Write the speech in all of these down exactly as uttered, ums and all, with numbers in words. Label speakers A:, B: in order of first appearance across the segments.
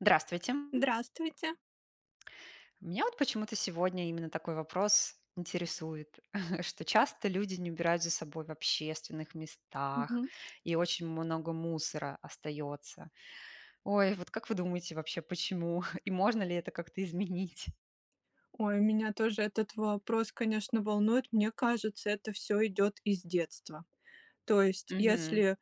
A: Здравствуйте!
B: Здравствуйте.
A: Меня, вот, почему-то сегодня именно такой вопрос интересует, что часто люди не убирают за собой в общественных местах,
B: Мгм.
A: и очень много мусора остается. Ой, вот как вы думаете, вообще, почему? И можно ли это как-то изменить?
B: Ой, меня тоже этот вопрос, конечно, волнует. Мне кажется, это всё идет из детства. То есть
A: Мгм.
B: если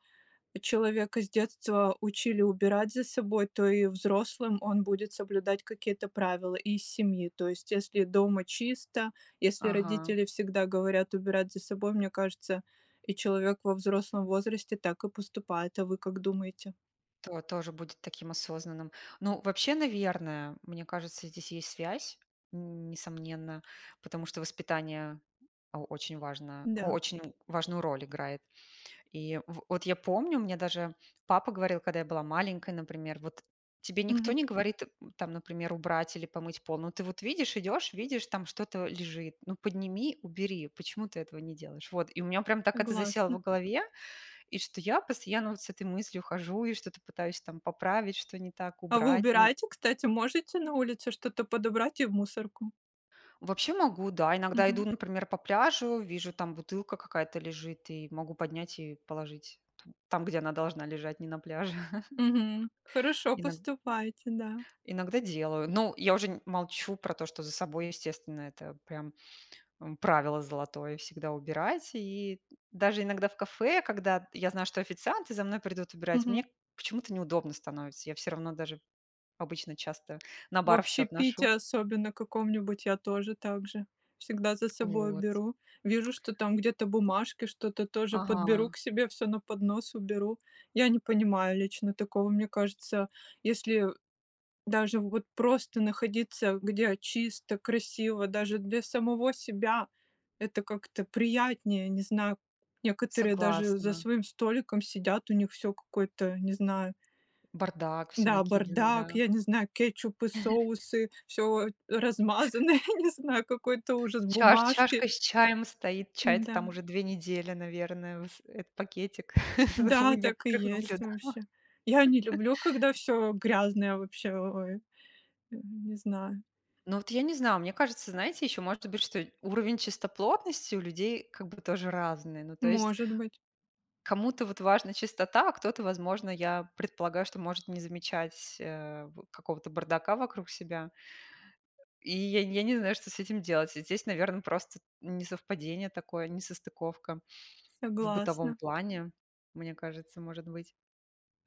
B: человека с детства учили убирать за собой, то и взрослым он будет соблюдать какие-то правила из семьи. То есть если дома чисто, если
A: Ага.
B: родители всегда говорят убирать за собой, мне кажется, и человек во взрослом возрасте так и поступает. А вы как думаете?
A: То тоже будет таким осознанным. Ну, вообще, наверное, мне кажется, здесь есть связь, н несомненно, потому что воспитание о очень важно,
B: Да.
A: очень важную роль играет. И в вот я помню, мне даже папа говорил, когда я была маленькая, например, вот: "Тебе никто
B: Мгм.
A: не говорит, там, например, убрать или помыть пол, но ты вот видишь, идешь, видишь, там что-то лежит. Ну, подними, убери, почему ты этого не делаешь?" Вот. И у меня прям так это засело в
B: Согласна.
A: голове, и что я постоянно, вот, с этой мыслью хожу и что-то пытаюсь, там, поправить, что не так,
B: А вы
A: убрать, ну.
B: убираете? Кстати, можете на улице что-то подобрать и в мусорку?
A: Вообще могу, да. Иногда иду,
B: Мгм.
A: например, по пляжу, вижу, там, бутылка какая-то лежит, и могу поднять и положить т там, где она должна лежать, не на пляже.
B: Мгм. Хорошо
A: Иногда.
B: поступайте, да.
A: Иногда делаю. Но я уже н молчу про то, что за собой, естественно, это, прям, эм, правило золотое- всегда убирать. И даже иногда в кафе, когда я знаю, что официанты за мной придут убирать,
B: Мгм.
A: мне почему-то неудобно становится. Я всё равно даже обычно часто на
B: В
A: бар всё
B: общепите
A: отношу.
B: особенно каком-нибудь, я тоже так же, всегда за собой
A: Вот.
B: уберу. Вижу, что там где-то бумажки, что-то тоже подберу
A: Ага.
B: к себе всё на поднос, уберу. Я не понимаю лично такого, мне кажется. Если даже, вот, просто находиться, где чисто, красиво, даже для самого себя, это как-то приятнее. Не знаю, некоторые даже за
A: Согласна.
B: своим столиком сидят, у них все какой-то, не знаю.
A: Бардак, всё
B: Да,
A: накидано,
B: бардак,
A: да.
B: я не знаю, кетчупы, соусы, всё размазано, я не знаю, какой-то ужас,
A: Чаш
B: бумажки.
A: чашка с чаем стоит,
B: М,
A: чай-то, там,
B: да.
A: уже две недели, наверное с этот пакетик. Я у
B: Да, так и
A: некоторых
B: есть
A: наблюдала.
B: вообще. Я не люблю, когда всё грязное вообще, ой, э, не знаю.
A: Ну, вот я не знаю, мне кажется, знаете, ещё может быть, что уровень чистоплотности у людей как бы тоже разный. Ну, то есть
B: Может быть.
A: кому-то, вот, важна чистота, а кто-то, возможно, я предполагаю, что может не замечать, э, вот, какого-то бардака вокруг себя. И я н я не знаю, что с этим делать. Здесь, наверное, просто несовпадение такое, несостыковка в бытовом
B: Согласна.
A: плане, мне кажется, может быть.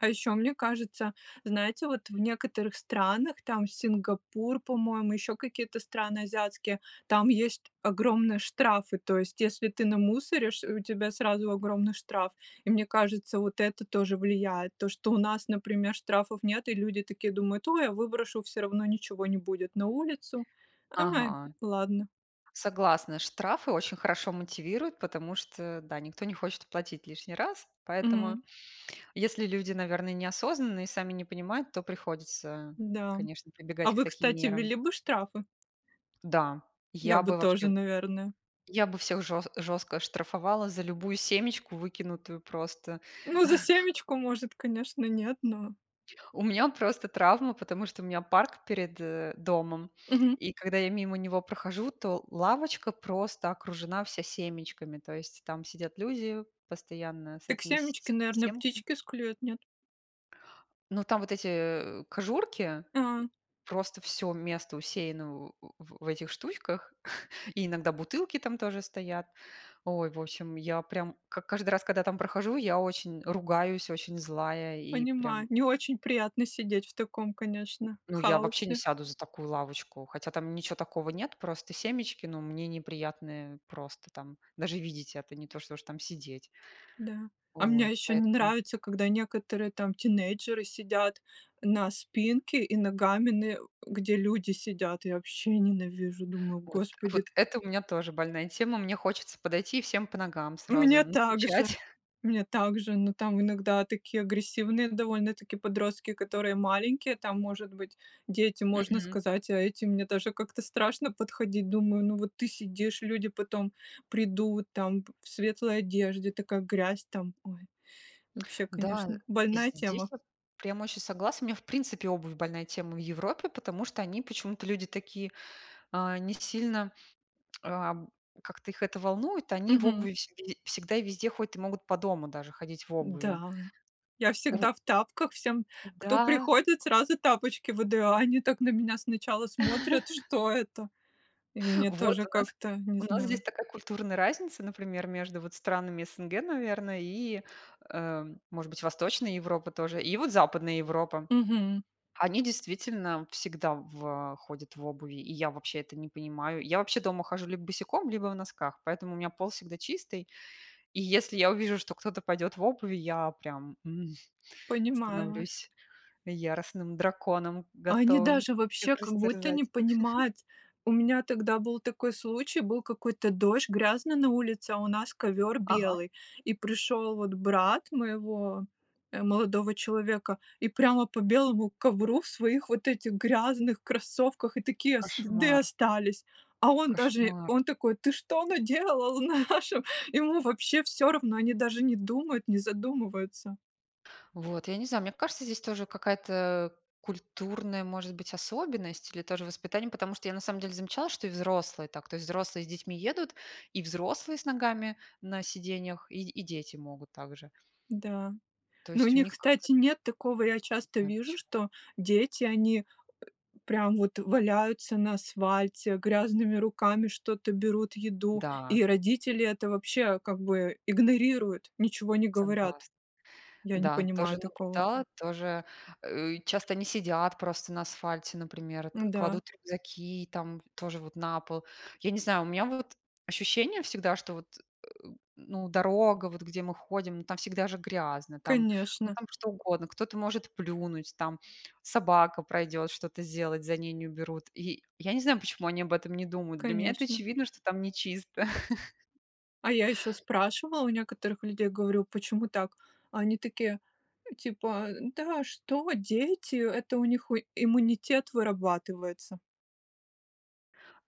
B: А ещё мне кажется, знаете, вот в некоторых странах, там, Сингапур, по-моему, ещё какие-то страны азиатские, там есть огромные штрафы. То есть, если ты намусоришь, э, у тебя сразу огромный штраф. И мне кажется, вот это тоже влияет, то, что у нас, например, штрафов нет, и люди, такие, думают, ой, я выброшу, всё равно ничего не будет на улицу. Ай,
A: Ага.
B: ладно.
A: Согласна! Штрафы очень хорошо мотивируют, потому что, да, никто не хочет оплатить лишний раз. Поэтому,
B: Мгм.
A: если люди, наверное, неосознанные и сами не понимают, то приходится,
B: Да,
A: конечно,
B: а
A: прибегать к
B: вы,
A: таким
B: кстати,
A: мерам.
B: ввели бы штрафы?
A: Да,
B: Я
A: я
B: бы
A: бы
B: тоже,
A: вообще,
B: наверное.
A: я бы всех же жестко штрафовала за любую семечку выкинутую, просто.
B: Ну, за семечку, может, конечно, нет, но.
A: У меня, просто, травма, потому что у меня парк перед, э, домом.
B: Мгм.
A: И когда я мимо него прохожу, то лавочка просто окружена вся семечками. То есть, там сидят люди, постоянно с
B: Так
A: этими с
B: семечки,
A: с
B: наверное,
A: семками.
B: птички склюют, нет?
A: Но там вот эти, э, кожурки,
B: А.
A: просто всё место усеяно в в в этих штучках, и иногда бутылки там тоже стоят. Ой, в общем, я прям к как каждый раз, когда там прохожу, я очень ругаюсь, очень злая, и
B: Понимаю.
A: прям
B: Не очень приятно сидеть в таком, конечно,
A: Ну я вообще не
B: хаосе.
A: сяду за такую лавочку, хотя там ничё такого нет, просто семечки, но мне неприятно просто, там, даже видеть это, не то, что уж там сидеть.
B: Да. А мне
A: Ой
B: ещё не
A: поэтому.
B: нравится, когда некоторые, там, тинейджеры сидят на спинке, и ногами, н где люди сидят. Я вообще ненавижу, думаю,
A: Вот,
B: господи!
A: вот это у меня тоже больная тема. Мне хочется подойти и всем по ногам
B: У
A: сразу
B: меня также,
A: настучать.
B: мне также, но, там, иногда такие агрессивные довольно-таки подростки, которые маленькие, там, может быть дети, можно
A: Мгм.
B: сказать, а эти мне даже как-то страшно подходить. Думаю, ну вот ты сидишь, люди потом придут, там, п в светлой одежде, такая грязь там, ой. Вообще
A: Да,
B: конечно, больная
A: здесь
B: тема.
A: я прямо очень согласна. У меня, в принципе, обувь больная тема в Европе, потому что они почему-то люди такие, а, не сильно, а, как-то их это волнует. Они в
B: Мгм.
A: обуви вс всегда и везде ходят и могут по дому даже ходить в обуви.
B: Да, я
A: У.
B: всегда в тапках! Всем, кто
A: Да.
B: приходит, сразу тапочки выдаю. А они так на меня сначала смотрят, что это? И мне
A: Вот,
B: тоже
A: у нас
B: как-то, не
A: у нас здесь
B: знаю.
A: такая культурная разница, например, между вот странами СНГ, наверное, и, э, может быть Восточной Европы тоже, и вот Западная Европа.
B: Мгм.
A: Они действительно всегда в ходят в обуви, и я вообще это не понимаю. Я вообще дома хожу либо босиком, либо в носках, поэтому у меня пол всегда чистый. И если я увижу, что кто-то пойдет в обуви, я прям, м,
B: Понимаю вас.
A: становлюсь яростным драконом,
B: Они
A: готовым
B: даже вообще,
A: всех
B: как будто не
A: растерзать.
B: понимают. У меня тогда был такой случай, был какой-то дождь грязный на улице, а у нас ковер
A: Ага.
B: белый. И пришел, вот, брат моего, э, молодого человека, и прямо по белому ковру в своих вот этих грязных кроссовках, и такие следы
A: Кошмар.
B: остались. А он даже,
A: Кошмар.
B: он такой: "Ты что наделал в нашем?" Ему вообще всё равно, они даже не думают, не задумываются.
A: Вот. Я не знаю, мне кажется, здесь тоже какая-то, э, культурная, может быть, особенность, или тоже воспитание, потому что я на самом деле замечала, что и взрослые так. То есть взрослые с детьми едут, и взрослые с ногами на сиденьях и и дети могут так же.
B: Да,
A: Но
B: но у
A: есть у
B: них,
A: них как-то.
B: кстати, нет такого. Я
A: Не
B: часто
A: знаю
B: вижу,
A: пчм.
B: что дети, они, э, прям, вот, валяются на асфальте, грязными руками что-то берут,
A: М,
B: еду,
A: да.
B: и родители это вообще, как бы, игнорируют, ничего не говорят.
A: Согласна.
B: Я не
A: Да,
B: понимаю
A: тоже
B: такого.
A: наблюдала, тоже, э, часто они сидят просто на асфальте, например,
B: Да.
A: кладут рюкзаки, там, тоже вот, на пол. Я не знаю, у меня, вот, ощущение всегда, что, вот, э, ну дорога, вот где мы ходим, там всегда же грязно, там, ну
B: Конечно.
A: там что угодно. Кто-то может плюнуть, там, собака пройдет, что-то сделать, за ней не уберут. И я не знаю, почему они об этом не думают. Для меня это
B: Конечно.
A: очевидно, что там не чисто.
B: А я ещё спрашивала у некоторых людей, говорю: "Почему так?" А они такие типа: "Да что, дети, это у них, э, иммунитет вырабатывается".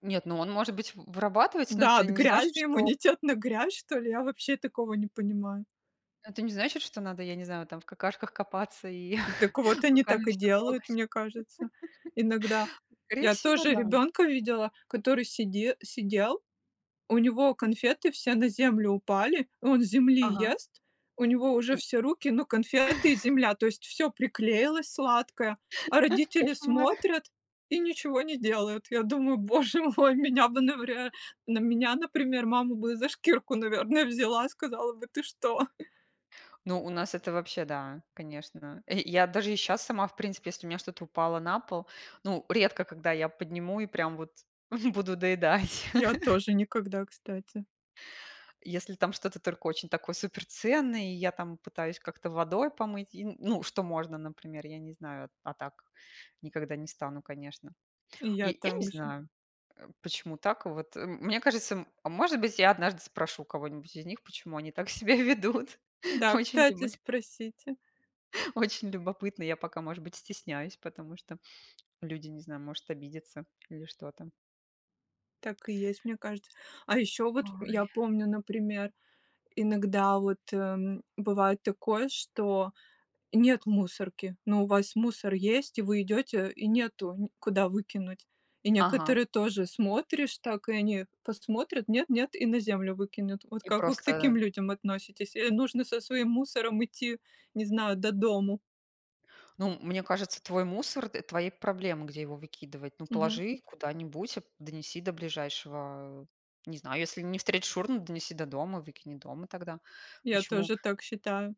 A: Нет, ну он может быть в вырабатывается, но
B: Да,
A: это
B: от
A: не значит,
B: грязи?
A: что
B: Иуммунитет на грязь, что ли? Я вообще такого не понимаю.
A: ну это не значит, что надо, я не знаю, там, в какашках копаться и
B: Так вот, они так
A: руками
B: и
A: всё
B: делают,
A: трогать.
B: мне кажется. Иногда.
A: Скорее
B: Я
A: всего,
B: тоже
A: да.
B: ребенка видела, который сиде сидел, у него конфеты все на землю упали, и он с земли
A: Ага.
B: ест, у него уже
A: И
B: все руки, ну конфеты и земля, то есть всё приклеилось сладкое, а родители
A: Кошмар!
B: смотрят, и ничего не делают. Я думаю, боже мой, меня бы навря на меня, например, мама бы за шкирку, наверное, взяла, сказала бы: "Ты что?"
A: Ну, у нас это вообще да, конечно! Я, э, даже и щас сама, в принципе, если у меня что-то упало на пол, ну, редко когда я подниму и прям, вот, буду доедать.
B: Я тоже никогда, кстати.
A: Если, там, что-то только очень такое, супер ценное, и я, там, пытаюсь как-то водой помыть и, ну, что можно, например, я не знаю. А так никогда не стану, конечно.
B: И
A: Я
B: я
A: я не
B: также.
A: знаю, э, почему так, вот мне кажется м может быть я однажды спрошу у кого-нибудь из них, почему они так себя ведут.
B: Да,
A: Очень лю
B: кстати, спросите.
A: очень любопытно. Я пока, может быть, стесняюсь, потому что люди, не знаю, может обидятся, или что там.
B: Так и есть, мне кажется. А ещё вот, я
A: Ой.
B: помню, например, иногда, вот, э, бывает такое, что нет мусорки, но у вас мусор есть, и вы идёте, и нету, н куда выкинуть. И
A: Ага.
B: некоторые тоже, смотришь, так, и они посмотрят, нет-нет, и на землю выкинут. Вот
A: И
B: как вы к таким
A: просто
B: людям относитесь? Э, нужно со своим мусором идти, не знаю, до дому.
A: Ну, мне кажется, твой мусор, э- твои проблемы, где его выкидывать. Ну,
B: Мгм.
A: положи куда-нибудь, донеси до ближайшего, э, не знаю, если не встретишь урну, донеси до дома, выкини дома тогда.
B: Я
A: Почему?
B: тоже так считаю.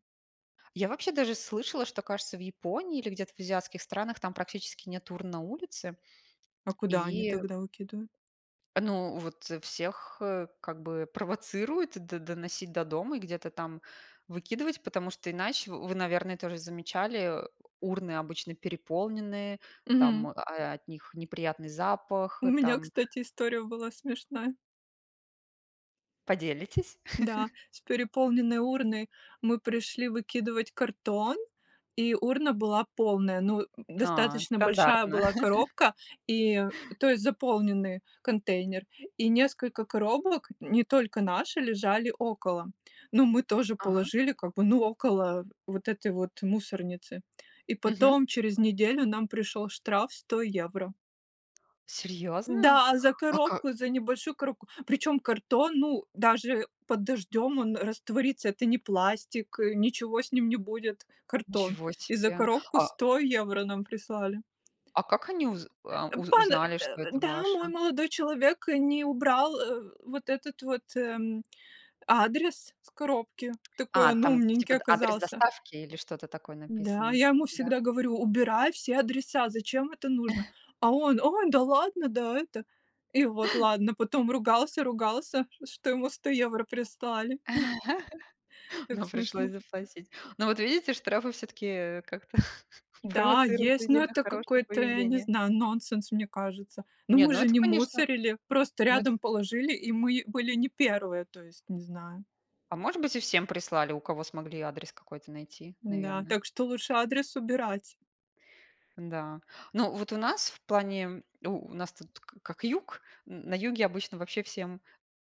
A: Я вообще даже слышала, что кажется в Японии, или где-то в азиатских странах, там практически нет урн на улице
B: А куда они
A: и
B: тогда выкидывают?
A: ну, вот, всех, э, как бы, провоцируют д доносить до дома и где-то там выкидывать, потому что иначе, вы наверное тоже замечали, э, урны обычно переполнены, там,
B: Мгм.
A: о от них неприятный запах,
B: У меня,
A: там.
B: кстати, история была смешная.
A: Поделитесь?
B: Да, с переполненной урной, мы пришли выкидывать картон, и урна была полная, ну,
A: А,
B: достаточно большая
A: стандартно.
B: была коробка, и, то есть заполненный контейнер, и несколько коробок, не только наши, лежали около. Но мы тоже
A: Ага.
B: положили, как бы, ну, около вот этой вот мусорницы. И
A: Мгм.
B: потом через неделю нам пришел штраф сто евро.
A: Серьезно?
B: Да, за
A: А как?
B: коробку, за небольшую коробку, причем картон, ну даже под дождем он растворится, это не пластик, э, ничего с ним не будет, картон,
A: Ничего
B: и за
A: себе!
B: коробку
A: А?
B: сто евро нам прислали.
A: А как они уз а уз
B: Пан
A: узнали,
B: э,
A: что это
B: да, мой
A: ваша?
B: молодой человек не убрал, э, вот этот вот, м, адрес с коробки, такой
A: А,
B: он
A: там, типа,
B: умненький
A: д адрес
B: оказался.
A: доставки, или что-то такое
B: Да,
A: написано,
B: я ему
A: да?
B: всегда говорю: "Убирай все адреса, зачем это нужно?" А он: "Ой, да ладно, да это!" И вот ладно. Потом ругался-ругался, что ему сто евро прислали. Так
A: Но
B: смешно.
A: пришлось заплатить. Но вот видите, штрафы всё-таки, э, как-то
B: Да,
A: провоцируют
B: есть.
A: людей
B: Но
A: на
B: это
A: хорошее
B: какой-то, я не
A: поведение.
B: знаю, нонсенс, мне кажется. Но
A: Нет,
B: мы
A: но
B: же
A: это
B: не
A: конечно.
B: мусорили, просто
A: Ну это.
B: рядом положили, и мы были не первые, то есть, не знаю.
A: А может быть и всем прислали, у кого смогли адрес какой-то найти,
B: Да,
A: наверно.
B: так что лучше адрес убирать.
A: Да. Ну вот у нас в плане, у у нас тут к как юг, н на юге обычно вообще всем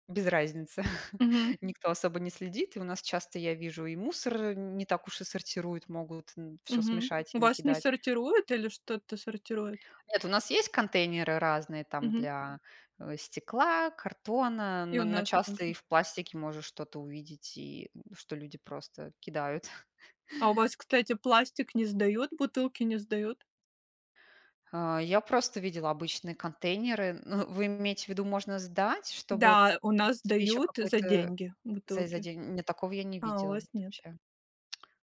A: без разницы.
B: Мгм.
A: Никто особо не следит. И у нас часто, я вижу, и мусор не так уж и сортируют, могут н всё
B: Мгм.
A: смешать
B: У
A: и
B: вас не
A: накидать.
B: сортируют, или что-то сортируют?
A: Нет, у нас есть контейнеры разные там
B: Мгм.
A: для, э, стекла, картона,
B: И
A: но
B: у
A: но
B: нас
A: часто
B: также.
A: и в пластике можешь что-то увидеть, и что люди просто кидают.
B: А у вас, кстати, пластик не сдают, бутылки не сдают?
A: А, я просто видела обычные контейнеры. Ну вы имеете в виду, можно сдать, чтобы
B: Да, у нас
A: себе ещё
B: сдают за
A: какой-то
B: деньги
A: за за
B: бутылки.
A: день? Не, такого я не
B: А, у
A: видела,
B: вас
A: вот,
B: нет.
A: вообще.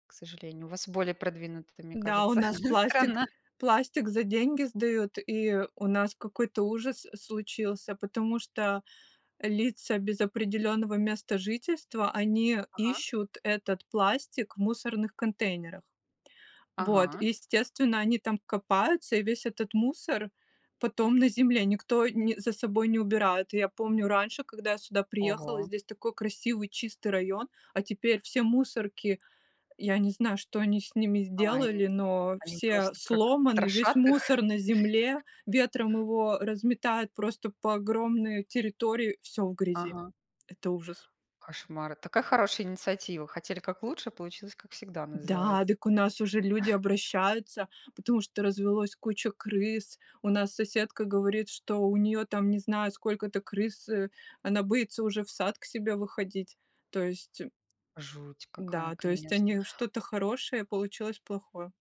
A: К сожалению. У вас более продвинутая, мне
B: Да, у
A: кажется,
B: нас пластик
A: страна.
B: пластик за деньги сдают, и у нас какой-то ужас случился, потому что лица без определенного места жительства, они
A: Ага.
B: ищут этот пластик в мусорных контейнерах. Вот,
A: Ага.
B: естественно, они там копаются, и весь этот мусор потом на земле, никто не за собой не убирает. Я помню, раньше, когда я сюда приехала,
A: Ого.
B: здесь такой красивый чистый район, а теперь все мусорки, я не знаю, что они с ними
A: А, и
B: сделали, но
A: они
B: все
A: просто как
B: сломаны, весь
A: трошат их?
B: мусор на земле, ветром его разметает просто по огромной территории, всё в грязи.
A: Ага.
B: Это ужас!
A: Кошмар. Это такая хорошая инициатива. Хотели как лучше, а получилось как всегда,
B: М, да,
A: называется.
B: так у нас уже люди обращаются, потому что развелось куча крыс, у нас соседка говорит, что у неё там, не знаю, сколько-то крыс, э, она боится уже в сад к себе выходить, то есть.
A: Жуть какая,
B: Да, то есть
A: конечно.
B: они что-то хорошее, получилось плохое.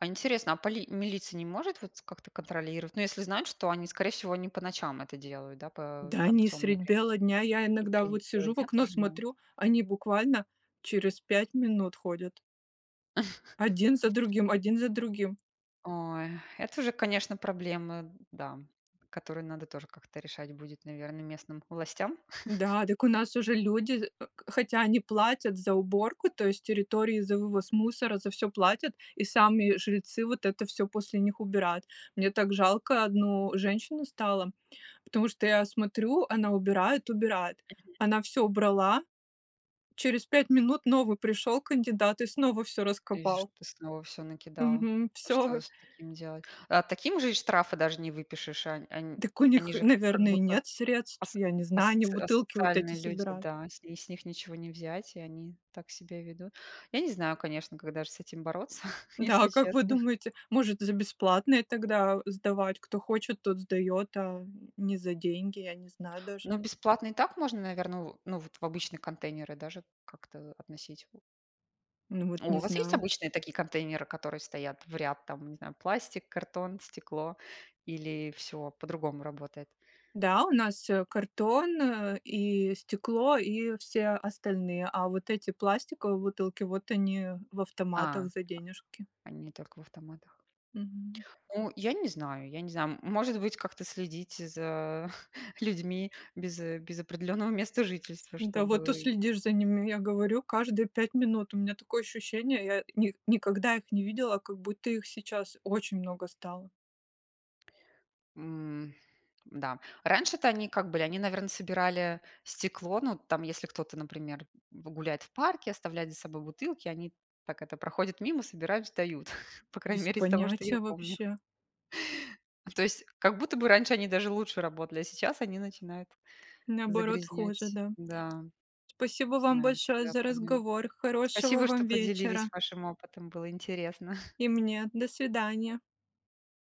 A: А интересно, а поли милиция не может, вот, как-то контролировать? Ну если знают, что они скорее всего, они по ночам это делают, да, п
B: Да
A: там в
B: они
A: темное
B: средь
A: время
B: бела
A: суток.
B: дня, я
A: И в
B: иногда
A: среди
B: вот
A: бела
B: сижу в
A: дня
B: окно,
A: тоже могут?
B: смотрю, они буквально через пять минут ходят. Один за другим, один за другим.
A: Ой. Это уже конечно проблемы, да, которые надо тоже как-то решать будет, наверное, местным властям.
B: Да, дак у нас уже люди, э хотя они платят за уборку, то есть территории за вывоз мусора, за всё платят, и сами жильцы вот это всё после них убирают. Мне так жалко одну женщину стало, потому что я смотрю, она убирает, убирает,
A: Мгм.
B: она всё убрала, через пять минут новый пришел кандидат и снова всё
A: То есть,
B: раскопал.
A: что ты, снова всё накидал.
B: Мгм.
A: Что
B: Всё.
A: с таким делать? Таким же штрафы даже не выпишешь. Ан ан
B: Так у
A: они
B: них,
A: же как
B: наверное,
A: будто
B: нет средств,
A: ас
B: я не знаю, они
A: асоц
B: бутылки вот эти
A: асоциальные люди,
B: собирают.
A: да. И с ни с них ничего не взять, и они так себя ведут. Я не знаю, конечно, как даже с этим бороться,
B: Да,
A: если
B: как вы
A: честно.
B: думаете, может за бесплатные тогда, э, сдавать? Кто хочет, тот сдает, а не за деньги, я не знаю даже.
A: Ну, бесплатно и так можно, наверное, в ну, вот, в обычные контейнеры даже как-то относить.
B: Ну вот
A: О,
B: не
A: у вас есть
B: знаю.
A: обычные такие контейнеры, которые стоят в ряд, там, не знаю, пластик, картон, стекло, или всё по-другому работает?
B: Да, у нас, э, картон и стекло, и все остальные, а вот эти пластиковые бутылки, вот они в автоматах
A: А.
B: за денежки.
A: Они только в автоматах.
B: Мгм.
A: Ну, я не знаю, я не знаю. А, м может быть как-то следить за людьми без, э, без определенного места жительства,
B: Да, вот,
A: чтобы
B: уследишь за ними, я говорю, каждые пять минут, у меня такое ощущение, я, э, ни никогда их не видела, как будто их сейчас очень много стало.
A: М, да раньше-то они как были, они, наверно, собирали стекло, ну, там, если кто-то, например, в гуляет в парке, оставляет за собой бутылки, они так это, проходят мимо, собирают, сдают. По крайней
B: Без
A: мере из того, что я
B: понятия
A: помню.
B: вообще.
A: То есть, как будто бы раньше они даже лучше работали, а сейчас они начинают
B: Наоборот хуже,
A: загрязнять.
B: да.
A: Да,
B: Спасибо
A: не
B: вам
A: знаю,
B: большое
A: другая
B: за
A: проблема.
B: разговор, хорошего
A: Спасибо, что
B: вам
A: поделились
B: вечера!
A: вашим опытом. Было интересно!
B: И мне. До свидания.